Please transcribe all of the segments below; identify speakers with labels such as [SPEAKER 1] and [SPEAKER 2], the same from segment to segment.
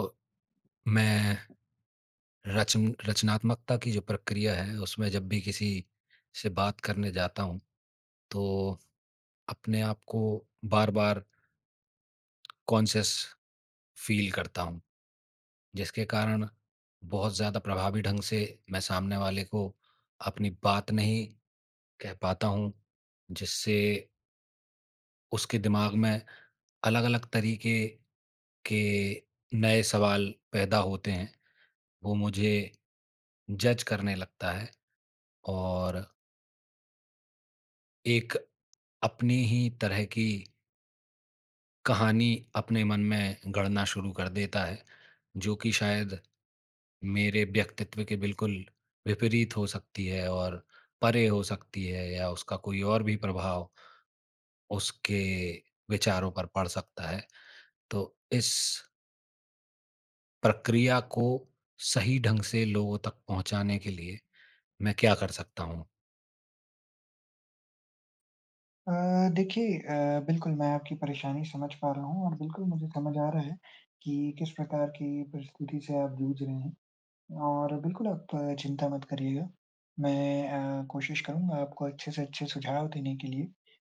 [SPEAKER 1] अ, मैं रचन रचनात्मकता की जो प्रक्रिया है, उसमें जब भी किसी से बात करने जाता हूँ, तो अपने आप को बार-बार कॉन्शियस फ़ील करता हूँ, जिसके कारण बहुत ज़्यादा प्रभावी ढंग से मैं सामने वाले को अपनी बात नहीं कह पाता हूँ, जिससे उसके दिमाग में अलग-अलग तरीके के नए सवाल पैदा होते हैं। वो मुझे जज़ करने लगता है और एक अपनी ही तरह की कहानी अपने मन में गढ़ना शुरू कर देता है, जो कि शायद मेरे व्यक्तित्व के बिल्कुल विपरीत हो सकती है और परे हो सकती है या उसका कोई और भी प्रभाव उसके विचारों पर पड़ सकता है। तो इस प्रक्रिया को सही ढंग से लोगों तक पहुँचाने के लिए मैं क्या कर सकता हूँ?
[SPEAKER 2] अ, देखिए, अ, बिल्कुल मैं आपकी परेशानी समझ पा रहा हूँ और बिल्कुल मुझे समझ आ रहा है कि किस प्रकार की परिस्थिति से आप जूझ रहे हैं और बिल्कुल आप चिंता मत करिएगा मैं अ, कोशिश करूँगा आपको अच्छे से अच्छे सुझाव देने के लिए।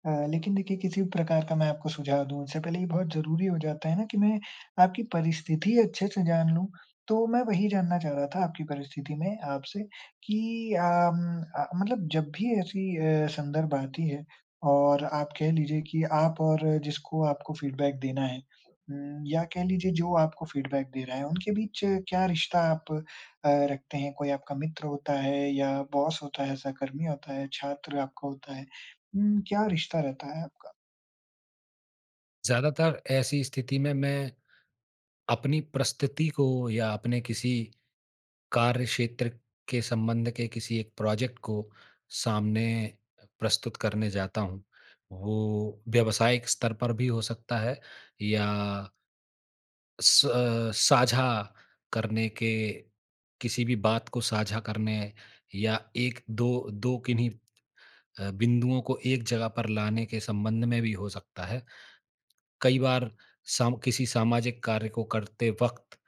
[SPEAKER 2] अ, लेकिन देखिए किसी भी प्रकार का मैं आपको सुझाव दूँ उससे पहले ये बहुत ज़रूरी हो जाता है ना, कि मैं आपकी परिस्थिति अच्छे से जान लूँ तो मैं वही जानना चाह रहा था आपकी परिस्थिति में आपसे कि अ, म अ, मतलब जब भी ऐसी अ, संदर्भ बनती है और आप कह लीजिए कि आप और जिसको आपको फ़ीडबैक देना है उम, या कह लीजिए जो आपको फ़ीडबैक दे रहा है उनके बीच क्या रिश्ता आप अ, रखते हैं कोई आपका मित्र होता है या बॉस होता है सहकर्मी होता है छात्र आपका होता है? हुँ, क्या रिश्ता रहता है आपका?
[SPEAKER 1] ज़्यादातर ऐसी स्थिति में अपनी परिस्थिति को या अपने किसी कार्य क्षेत्र के संबंध के किसी एक प्रोजेक्ट को सामने अ, प्रस्तुत करने जाता हूँ वो व्यावसायिक स्तर पर भी हो सकता है या स्व अ, साझा करने के किसी भी बात को साझा करने या 1-2 2 किन्हीं अ, बिंदुओं को एक जगह पर लाने के संबंध में भी हो सकता है। कई बार सम किसी सामाजिक कार्य को करते वक़्त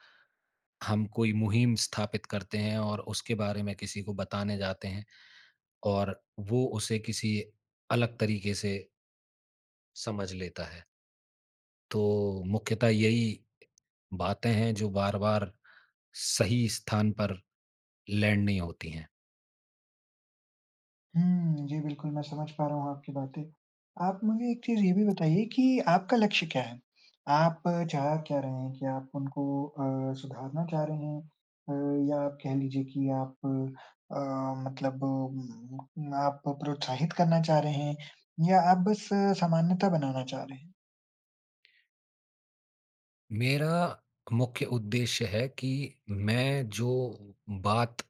[SPEAKER 1] हम कोई मुहिम स्थापित करते हैं और उसके बारे में किसी को बताने जाते हैं और वो उसे किसी अलग तरीके से समझ लेता है। तो मुख्यतः यही बातें हैं, जो बार-बार सही स्थान पर लैंड नहीं होती हैं।
[SPEAKER 2] हुँ। जी, बिल्कुल, मैं समझ पा रहा हूँ आपकी बातें। आप मुझे एक चीज़ ये भी बताइए कि आपका लक्ष्य क्या है? आप चाह क्या रहे हैं? क्या आप उनको अ, सुधारना चाह रहे हैं अ, या आप कह लीजिए कि आप अ, मतलब म आप प्रोत्साहित करना चाह रहे हैं या आप बस सामान्यता बनाना चाह रहे हैं?
[SPEAKER 1] मेरा मुख्य उद्देश्य है कि मैं जो बात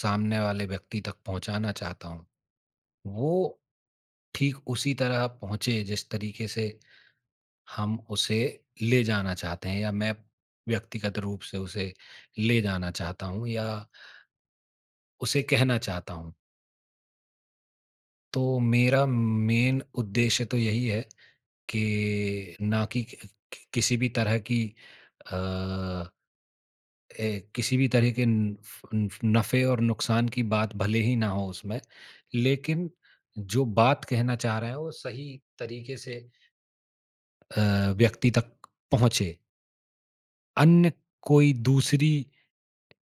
[SPEAKER 1] सामने वाले व्यक्ति तक पहुँचाना चाहता हूँ, वो ठीक उसी तरह पहुँचे, जिस तरीके से हम उसे ले जाना चाहते हैं या मैं व्यक्तिगत रूप से उसे ले जाना चाहता हूँ या उसे कहना चाहता हूँ। तो मेरा मेन उद्देश्य तो यही है कि ना कि कि कि किसी भी तरह की अ, ए किसी भी तरह के उँफ़ ऊँफ़ नफ़े और नुकसान की बात भले ही ना हो उसमें, लेकिन जो बात कहना चाह रहा है, वो सही तरीक़े से अ, व्यक्ति तक पहुँचे। अन्य कोई दूसरी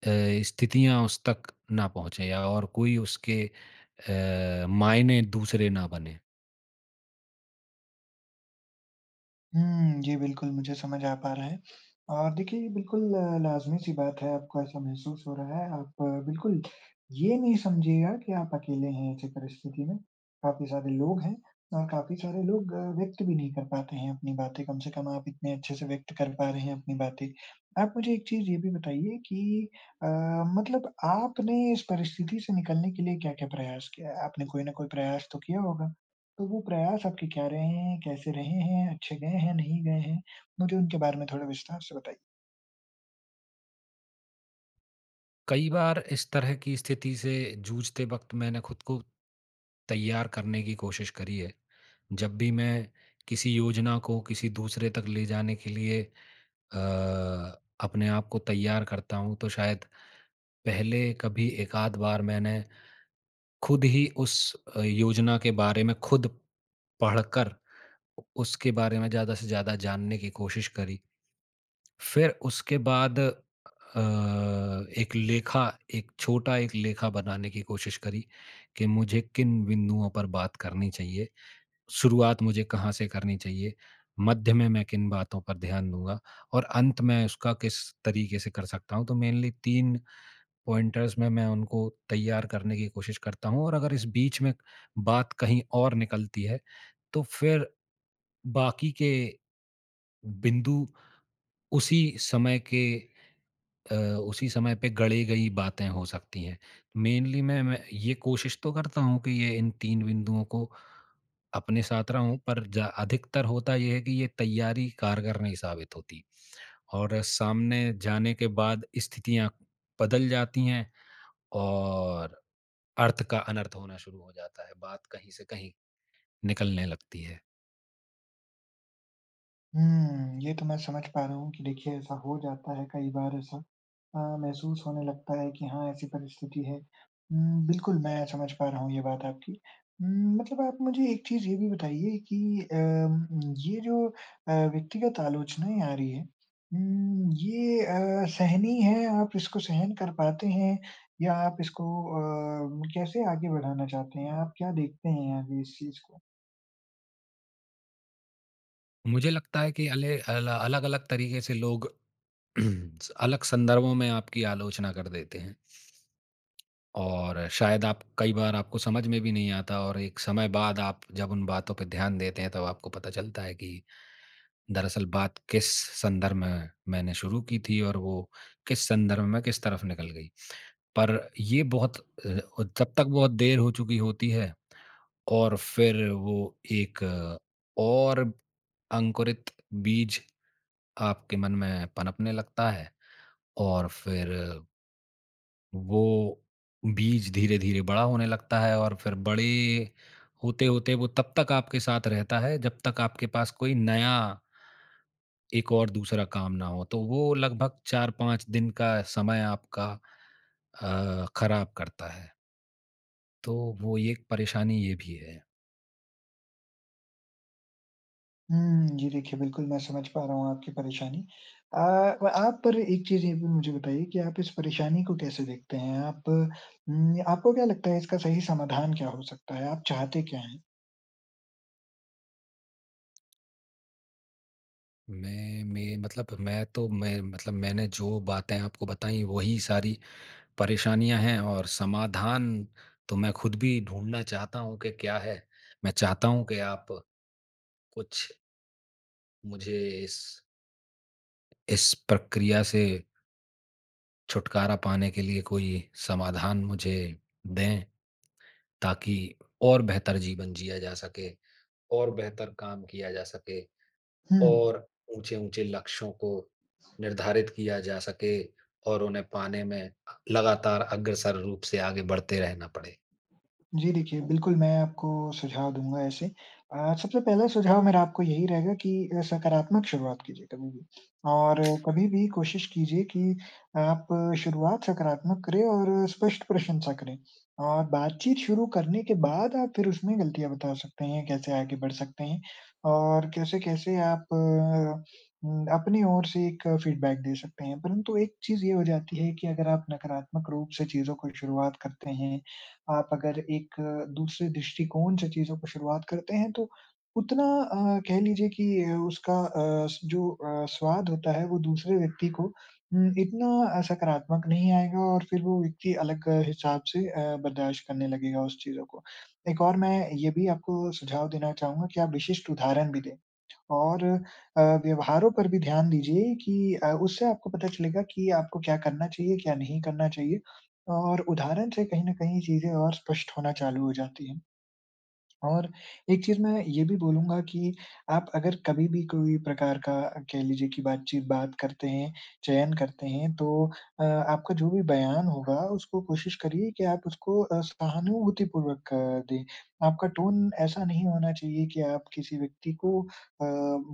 [SPEAKER 1] अ, स्थितियाँ उस तक ना पहुँचें या और कोई उसके अ, मायने दूसरे ना बनें।
[SPEAKER 2] हुँ। जी बिल्कुल, मुझे समझ आ पा रहा है और देखिए, ये बिल्कुल लाज़मी-सी बात है, आपको ऐसा महसूस हो रहा है। आप बिल्कुल ये नहीं समझिएगा कि आप अकेले हैं ऐसे परिस्थिति में, काफ़ी सारे लोग हैं अ, काफ़ी सारे लोग अ, व्यक्त भी नहीं कर पाते हैं अपनी बातें। कम से कम आप इतने अच्छे से व्यक्त कर पा रहे हैं अपनी बातें। आप मुझे एक चीज़ ये भी बताइए कि अ, मतलब आपने इस परिस्थिति से निकलने के लिए क्या-क्या प्रयास किया है? आपने कोई न कोई प्रयास तो किया होगा, तो वो प्रयास आपके क्या रहे हैं, कैसे रहे हैं, अच्छे गए हैं, नहीं गए हैं? मुझे उनके बारे में थोड़ा विस्तार से बताइए।
[SPEAKER 1] कई बार इस तरह की स्थिति से जूझते वक़्त मैंने ख़ुद को तैयार करने की कोशिश करी है। जब भी मैं किसी योजना को किसी दूसरे तक ले जाने के लिए अ, अपने आप को तैयार करता हूँ, तो शायद पहले कभी एकाध बार मैंने खुद ही उस अ, योजना के बारे में खुद पढ़ कर, उ उसके बारे में ज़्यादा से ज़्यादा जानने की कोशिश करी। फिर उसके बाद अ, एक लेखा, एक छोटा एक लेखा बनाने की कोशिश करी, कि मुझे किन बिंदुओं पर बात करनी चाहिए, शुरुआत मुझे कहाँ से करनी चाहिए, मध्य में मैं किन बातों पर ध्यान दूँगा और अंत मैं उसका किस तरीके से कर सकता हूँ। तो मेनली 3 पॉइंटर्स में मैं उनको तैयार करने की कोशिश करता हूँ और अगर इस बीच में बात कहीं और निकलती है, तो फिर बाकी के बिंदु उसी समय के अ, उसी समय पे गढ़े गई बातें हो सकतीं हैं। मेनली मैं मैं ये कोशिश तो करता हूँ कि ये इन 3 बिंदुओं को अपने साथ रहूँ, पर जा अधिकतर होता ये है कि ये तैयारी कारगर नहीं साबित होती और सामने जाने के बाद स्थितियाँ बदल जाती हैं और, अर्थ का अनर्थ होना शुरू हो जाता है, बात कहीं से कहीं निकलने लगती है।
[SPEAKER 2] हुँ, ये तो मैं समझ पा रहा हूँ कि देखिए, ऐसा हो जाता है, कई बार ऐसा अ, महसूस होने लगता है कि हाँ, ऐसी परिस्थिति है। उम, बिल्कुल, मैं समझ पा रहा हूँ ये बात आपकी। उम, मतलब आप मुझे एक चीज़ ये भी बताइए कि अम ये जो अ, व्यक्तिगत आलोचनाएँ आ रही हैं उम, ये अ, सहनीय है, आप इसको सहन कर पाते हैं या आप इसको अ, कैसे आगे बढ़ाना चाहते हैं? आप क्या देखते हैं यहाँ पे इस चीज़ को?
[SPEAKER 1] मुझे लगता है कि अले अल अलग-अलग तरीक़े से लोग स अलग संदर्भों में आपकी आलोचना कर देते हैं। और शायद आप कई बार आपको समझ में भी नहीं आता और एक समय बाद आप जब उन बातों पे ध्यान देते हैं, तब आपको पता चलता है कि, "दरअसल, बात किस संदर्भ में मैंने शुरू की थी और वो किस संदर्भ में किस तरफ़ निकल गई।" पर ये बहुत अ, और तब तक बहुत देर हो चुकी होती है और फिर वो कि एक और अंकुरित बीज आपके मन में पनपनें लगता है और फिर वो बीज धीरे-धीरे बड़ा होने लगता है और फिर बड़े होते-होते, वो तब तक आपके साथ रहता है, जब तक आपके पास कोई नया एक और दूसरा काम ना हो, तो वो लगभग 4-5 दिन का समय आपका अ, खराब करता है। तो वो एक परेशानी ये भी है।
[SPEAKER 2] हम्म, जी देखिए, बिल्कुल मैं समझ पा रहा हूँ आपकी परेशानी। अ, व आप पर एक चीज़ ये भी मुझे बताइए कि आप इस परेशानी को कैसे देखते हैं? आप उम, य आपको क्या लगता है इसका सही समाधान क्या हो सकता है, आप चाहते क्या हैं?
[SPEAKER 1] मैं में मतलब मैं तो मैं मतलब मैंने जो बातें आपको बताईं वही सारी परेशानियाँ हैं और समाधान तो मैं खुद भी ढूँढ़ना चाहता हूँ कि क्या है। मैं चाहता हूँ कि आप कुछ मुझे इस इस प्रक्रिया से छुटकारा पाने के लिए कोई समाधान मुझे दें, ताकि और बेहतर जीवन जिया जा सके, और बेहतर काम किया जा सके,
[SPEAKER 2] हुँ।
[SPEAKER 1] और ऊँचे-ऊँचे लक्ष्यों को निर्धारित किया जा सके और उन्हें पाने में लगातार अग्रसर रूप से आगे बढ़ते रहना पड़े।
[SPEAKER 2] जी देखिए, बिल्कुल मैं आपको सुझाव दूँगा ऐसे। अ, सबसे पहला सुझाव मेरा आपको यही रहेगा कि अ, सकारात्मक शुरुआत कीजिए कभी भी, और कभी भी कोशिश कीजिए कि आप शुरुआत सकारात्मक करें और स्पष्ट प्रशंसा करें। और बातचीत शुरू करने के बाद आप फिर उसमें गलतियाँ बता सकते हैं कैसे आगे बढ़ सकते हैं, और कैसे-कैसे आप अ, हुँ अपनी ओर से एक फ़ीडबैक दे सकते हैं। परंतु एक चीज़ ये हो जाती है कि अगर आप नकारात्मक रूप से चीज़ों को शुरुआत करते हैं, आप अगर एक दूसरे दृष्टिकोण से चीज़ों को शुरुआत करते हैं तो उतना अ, कह लीजिए कि अ, उसका अ, स जो अ, स्वाद होता है वो दूसरे व्यक्ति को उम, इतना अ, सकारात्मक नहीं आएगा और फिर वो व्यक्ति अलग हिसाब से अ, बर्दाश्त करने लगेगा उस चीज़ों को। एक और मैं ये भी आपको सुझाव देना चाहूँगा कि आप विशिष्ट उदाहरण भी दें और अ, व्यवहारों पर भी ध्यान दीजिए कि अ, उससे आपको पता चलेगा कि आपको क्या करना चाहिए, क्या नहीं करना चाहिए और उदाहरण से कहीं न कहीं चीज़ें और स्पष्ट होना चालू हो जाती हैं। और एक चीज़ मैं ये भी बोलूँगा कि आप अगर कभी भी कोई प्रकार का कह लीजिए कि बातचीत बात करते हैं, चयन करते हैं तो अ, आपका जो भी बयान होगा उसको कोशिश करिए कि आप उसको अ, सहानुभूतिपूर्वक दें। आपका टोन ऐसा नहीं होना चाहिए कि आप किसी व्यक्ति को अ,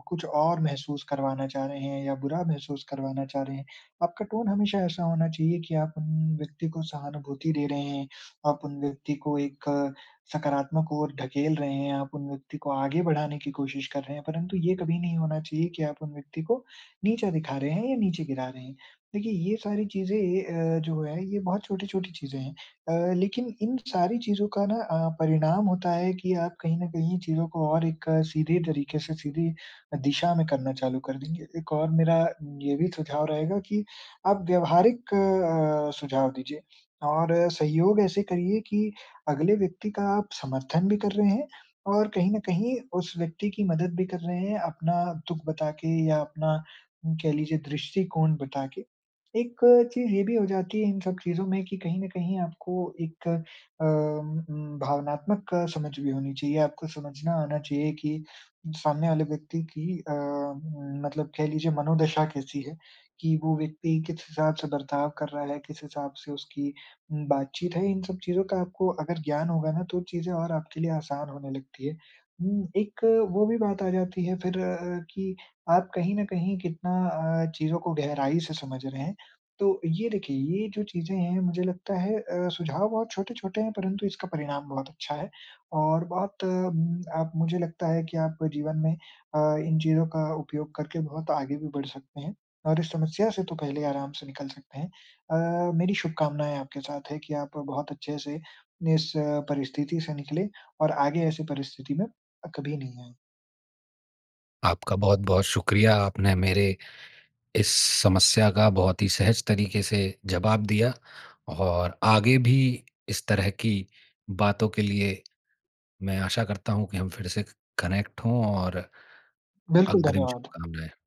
[SPEAKER 2] कुछ और महसूस करवाना चाह रहे हैं या बुरा महसूस करवाना चाह रहे हैं। आपका टोन हमेशा ऐसा होना चाहिए कि आप उन व्यक्ति को सहानुभूति दे रहे हैं, आप उन व्यक्ति को एक सकारात्मक ओर ढकेल रहे हैं, आप उन व्यक्ति को आगे बढ़ाने की कोशिश कर रहे हैं। परंतु ये कभी नहीं होना चाहिए कि आप उन व्यक्ति को नीचा दिखा रहे हैं या नीचे गिरा रहे हैं। देखिए, ये सारी चीज़ें ये अ, जो हैं ये बहुत छोटी-छोटी चीज़ें हैं। अ, लेकिन इन सारी चीज़ों का ना अ, परिणाम होता है कि आप कहीं न कहीं चीज़ों को और एक सीधे तरीके से सीधी दिशा में करना चालू कर देंगे। एक और मेरा ये भी सुझाव रहेगा कि आप व्यावहारिक अ, सुझाव दीजिए और सहयोग ऐसे करिए कि अगले व्यक्ति का आप समर्थन भी कर रहे हैं और कहीं न कहीं उस व्यक्ति की मदद भी कर रहे हैं अपना दुख बताके या अपना उम, कह लीजिए दृष्टिकोण बताके। एक चीज़ ये भी हो जाती है इन सब चीज़ों में कि कहीं न कहीं आपको एक अ, उम उम, भावनात्मक समझ भी होनी चाहिए, आपको समझना आना चाहिए कि सामने वाले व्यक्ति की अ, म मतलब कह लीजिए मनोदशा कैसी है, कि वो व्यक्ति किस हिसाब से बर्ताव कर रहा है, किस हिसाब से उसकी उम, बातचीत है, इन सब चीज़ों का आपको अगर ज्ञान होगा ना तो चीज़ें और आपके लिए आसान होने लगती हैं। उम, एक वो भी बात आ जाती है फिर अ, कि आप कहीं न कहीं कितना अ, चीज़ों को गहराई से समझ रहे हैं। तो ये देखिए ये जो चीज़ें हैं मुझे लगता है अ, सुझाव बहुत छोटे-छोटे हैं परंतु इसका परिणाम बहुत अच्छा है और बहुत उम, आप मुझे लगता है कि आप जीवन में अ, इन चीज़ों का उपयोग करके बहुत आगे भी बढ़ सकते हैं और इस समस्या से तो पहले आराम से निकल सकते हैं। अ, मेरी शुभकामनाएँ आपके साथ हैं कि आप बहुत अच्छे से इस अ, परिस्थिति से निकलें और आगे ऐसे परिस्थिति में अ, कभी नहीं आएँ।
[SPEAKER 1] आपका बहुत-बहुत शुक्रिया। आपने मेरे इस समस्या का बहुत ही सहज तरीके से जवाब दिया और आगे भी इस तरह की बातों के लिए, मैं आशा करता हूँ कि हम फिर से ख कनेक्ट हों और
[SPEAKER 2] बिल्कुल
[SPEAKER 1] अग्रिम
[SPEAKER 2] धन्यवाद।
[SPEAKER 1] शुभकामनाएँ।